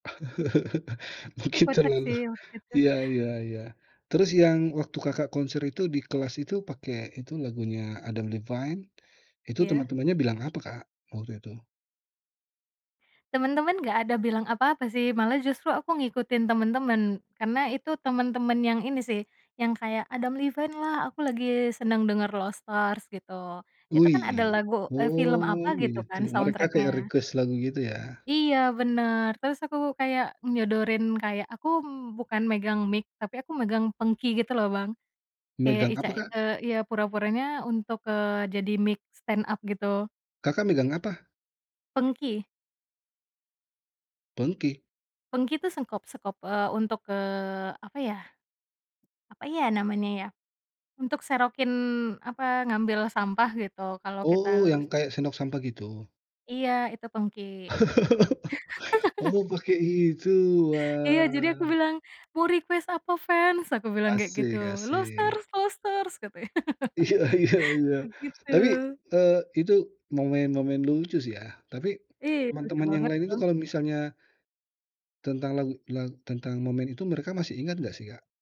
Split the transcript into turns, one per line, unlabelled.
Tapi
Mungkin
kocak
terlalu
sih, waktu itu.
iya iya iya. Terus yang waktu Kakak konser itu, di kelas itu, pakai itu lagunya Adam Levine, itu
Iya.
teman-temannya bilang apa, Kak, waktu itu?
Temen-temen nggak ada bilang apa-apa sih, malah justru aku ngikutin temen-temen, karena itu temen-temen yang ini sih, yang kayak Adam Levine lah, aku lagi seneng denger "Lost Stars" gitu. Itu kan ada
Wih,
lagu eee, film
oh
apa gitu
gitu,
kan
mereka kayak
soundtrack-nya.
request lagu, gitu ya?
Iya, bener, terus aku kayak nyodorin, kayak aku bukan megang mic, tapi aku megang pengki gitu loh Bang, kayak
Megang
ica
apa, Kak?
eee, ya pura-puranya untuk, eee, jadi mic stand up gitu.
Kakak megang apa?
Pengki.
Pengki?
Pengki, itu sengkop sekop, eee, untuk, eee, apa ya apa ya namanya ya, untuk serokin apa, ngambil sampah gitu, kalau kita
Oh, yang
lus
kayak sendok sampah, gitu?
Iya, itu pengki.
Oh pake itu?
Iya, jadi aku
Wah.
bilang, "Mau request apa fans?" Aku bilang kayak gitu.
Asik
"Lost
asik.
stars Lost stars!" Katanya.
Iya iya iya.
Begitu.
Tapi, eee, itu momen-momen lucu sih ya, tapi
Iya, lucu
teman-teman yang
banget
lain itu
Bang.
kalau misalnya tentang lagu la tentang momen itu mereka masih ingat nggak sih, Kak?